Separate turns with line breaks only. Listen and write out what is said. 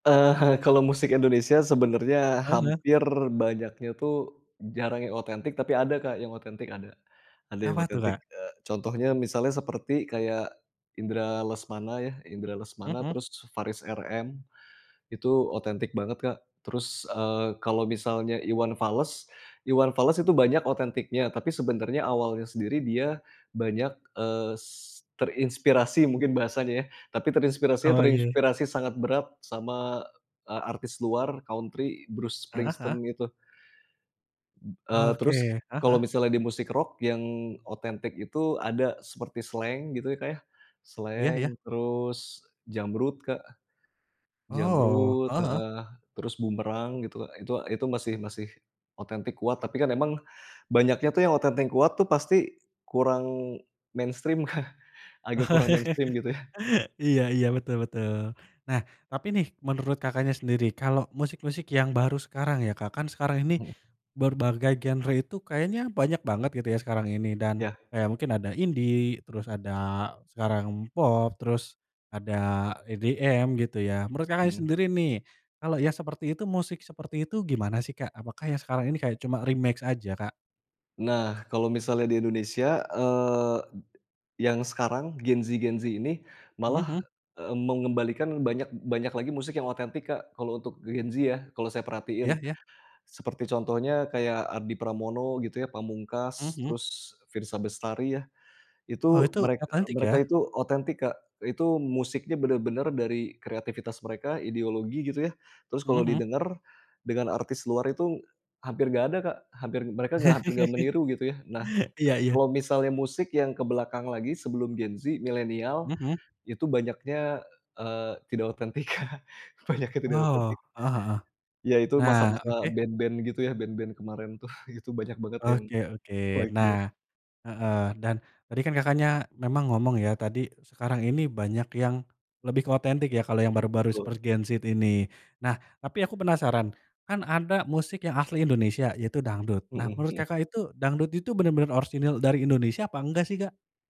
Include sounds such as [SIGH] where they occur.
Eee, eh, kalau musik Indonesia sebenarnya
Heeh.
hampir banyaknya tuh jarang yang otentik, tapi ada Kak yang otentik ada. Ada yang
Apa tuh
otentik,
Kak?
e contohnya misalnya seperti kayak Indra Lesmana ya, Indra Lesmana
Heeh.
terus Faris RM, itu otentik banget, Kak. Terus, eee, kalau misalnya Iwan Fals Iwan Fals itu banyak otentiknya tapi sebenarnya awalnya sendiri dia banyak, eee, s terinspirasi mungkin bahasanya ya tapi terinspirasinya
Oh iya.
terinspirasi sangat berat sama e artis luar country, Bruce
Heeh heeh.
Springsteen itu eee,
Oke,
terus
heeh
kalau
heeh.
misalnya di musik rock yang otentik itu ada seperti Slank gitu ya Kak ya,
Iya
Slank
iya.
terus Jamrud Kak,
Oh,
Jamrud
heeh heeh.
heeh, terus Boomerang gitu, itu itu masih masih otentik kuat, tapi kan emang banyaknya tuh yang otentik kuat tuh pasti kurang mainstream Kak, agak kurang mainstream gitu ya.
[LAUGHS] Iya iya, betul betul. Nah tapi nih menurut Kakaknya sendiri, kalau musik-musik yang baru sekarang ya Kak, kan sekarang ini berbagai genre itu kayaknya banyak banget gitu ya sekarang ini dan
Iya.
kayak mungkin ada indie, terus ada sekarang pop, terus ada EDM gitu ya. Menurut Kakaknya
Mhm.
sendiri nih, kalo yang seperti itu musik seperti itu gimana sih, Kak? Apakah yang sekarang
[CLICKS TONGUE]
ini kayak cuma remake aja, Kak?
Nah, kalau misalnya di Indonesia, eee, [SWALLOWS] yang sekarang Gen Z-Gen Z ini
Mhm
malah
mhm.
e mengembalikan banyak banyak lagi musik yang otentik Kak, kalau untuk Gen Z ya kalau saya
Iya,
perhatiin.
ya.
Seperti contohnya kayak Ardi Pramono gitu ya,
Mhm
Pamungkas
mhm.
terus Firsa Bestari ya,
Oh
itu
itu
merek e
otentik
mereka
ya.
itu otentik Kak, itu musiknya bener-bener dari kreativitas mereka, ideologi gitu ya, terus
Mhm
kalau
mhm.
didengar dengan artis luar itu hampir nggak ada Kak, hampir mereka nggak hampir nggak meniru gitu ya. Nah,
[LAUGHS]
e
Iya iya.
kalau misalnya musik yang ke belakang lagi sebelum Gen Z, millenial
Mhm mhm.
itu banyaknya, eee, tidak otentik Kak, banyaknya tidak
Wow,
otentik.
heeh heeh,
Iya, itu
nah,
masa-masa
oke.
band-band gitu ya, band-band kemarin tuh itu banyak banget yang
Oke oke.
flight jet.
Nah heeh, dan tadi kan Kakaknya memang ngomong ya, tadi sekarang ini banyak yang lebih ke otentik ya kalo yang baru-baru
Betul.
seperti Gen Z ini. Nah, tapi aku penasaran, kan ada musik yang asli Indonesia yaitu dangdut. Nah,
Mhm
menurut
mhm.
Kakak itu dangdut itu bener-bener orisinil dari Indonesia apa enggak sih, Kak?